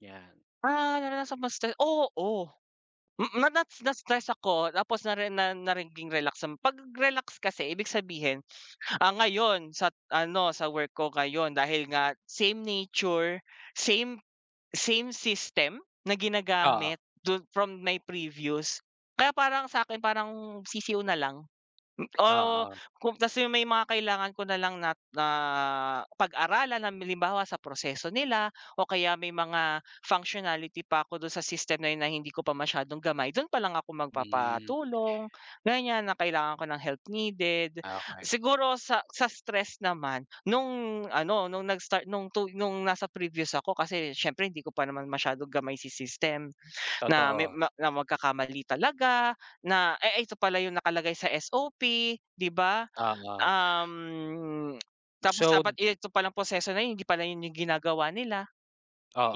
'Yan. Ah, naranasan ma-stress oo. Mm, na na na-stress ako tapos nare na naging relax din. 'Pag relax kasi ibig sabihin, ah, ngayon sa ano, sa work ko ngayon dahil nga same nature, same same system na ginagamit Oo. dun from my previous kaya parang sa'kin parang sisiw na lang. M oh, Oo. kung kasi may mga kailangan ko na lang na na pag-aralan. Halimbawa, sa proseso nila o kaya may mga functionality pa ako dun sa system na yun na hindi ko pa masyadong gamay, dun pa lang ako Hmm. magpapatulong, ganyan na kailangan ko ng help needed. Ah, okey. Siguro, sa sa stress naman, nung ano, nung nag-start nung tu nung nasa previous ako kasi siyempre, hindi ko pa naman masyadong gamay si system na may Totoo. ma na magkakamali talaga, na, eh, ito pala yung nakalagay sa SOP, 'di ba? Oo. Um, tapos dapat So ito palang proseso na yun hindi pala yun yung ginagawa nila.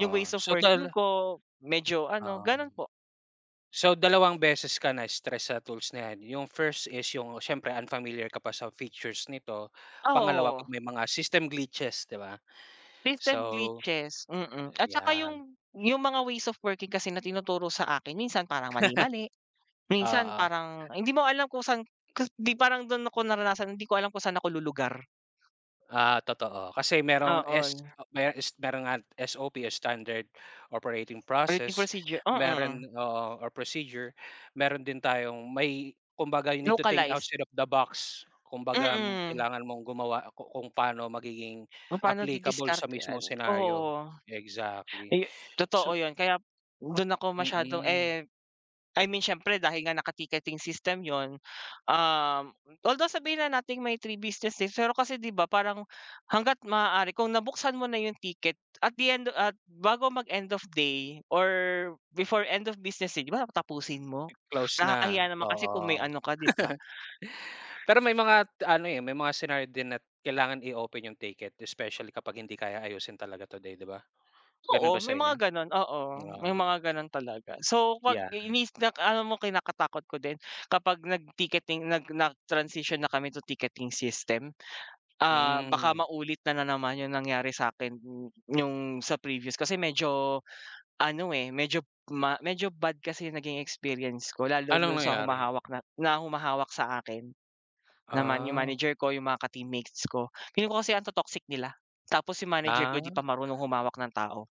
Yung ways of so, working dal ko medyo ano, Um. gano'n po. So, dalawang beses ka na-stress sa tools na 'yan. Yung first is yung siyempre, unfamiliar ka pa sa features nito, pangalawa Oo. 'pag may mga system glitches, 'di ba? System So, glitches. Mm. At tsaka ayan. yung yung mga ways of working kasi na tinuturo sa akin minsan parang mali-mali. Minsan Oo. parang hindi mo alam kung saan kas di parang dun ako naranasan, hindi ko alam kung saan ako lulugar. Ah, totoo. Kasi merong S Oo. mero S merong, ah, SOP o Standard Operating Operating Process. procedure Meron mm. oo, or procedure. Meron din tayong may kumbaga, you need to think Localized. outside of the box. Kumbaga, Mm. kailangan mong gumawa ku kung paano magiging Kung pa'no applicable sa mismong didiskartehan, scenario. oo. Exactly. Eh, totoo So yun. Kaya dun ako masyadong, Mm. eh I mean siyempre, dahil nga naka-ticketing system yun, um, although sabihin na nating may 3 business days, pero kasi 'di ba parang hangga't maaari kung nabuksan mo na yung ticket at the end at bago mag-end of day or before end of business day, 'di ba tapusin mo? Close na, Nakakahiya naman kasi kung may oo. ano ka, 'di ba? Pero may mga ano, eh, may mga scenario din at kailangan i-open yung ticket especially kapag hindi kaya ayusin talaga today, 'di ba? Ganun ba Oo, sa may inyo? mga gano'n, oo. May Ah. mga gano'n talaga. So, 'pag Yeah. mis nak alam mo kinakatakot ko din kapag nag-ticketing, nag nag-transition na kami to ticketing system. Ah, baka Hmm. maulit na naman yung nangyari sa'kin nung sa previous. Kasi medyo ano, eh, medyo m medyo bad kasi yung naging experience ko lalo Anong dun sa nangyari? humahawak na humahawak sa akin. Naman yung Ah. manager ko, yung mga ka teammates ko. Feeling ko kasi ang to-toxic nila. Tapos yung manager ko di pa Ah. marunong humawak ng tao.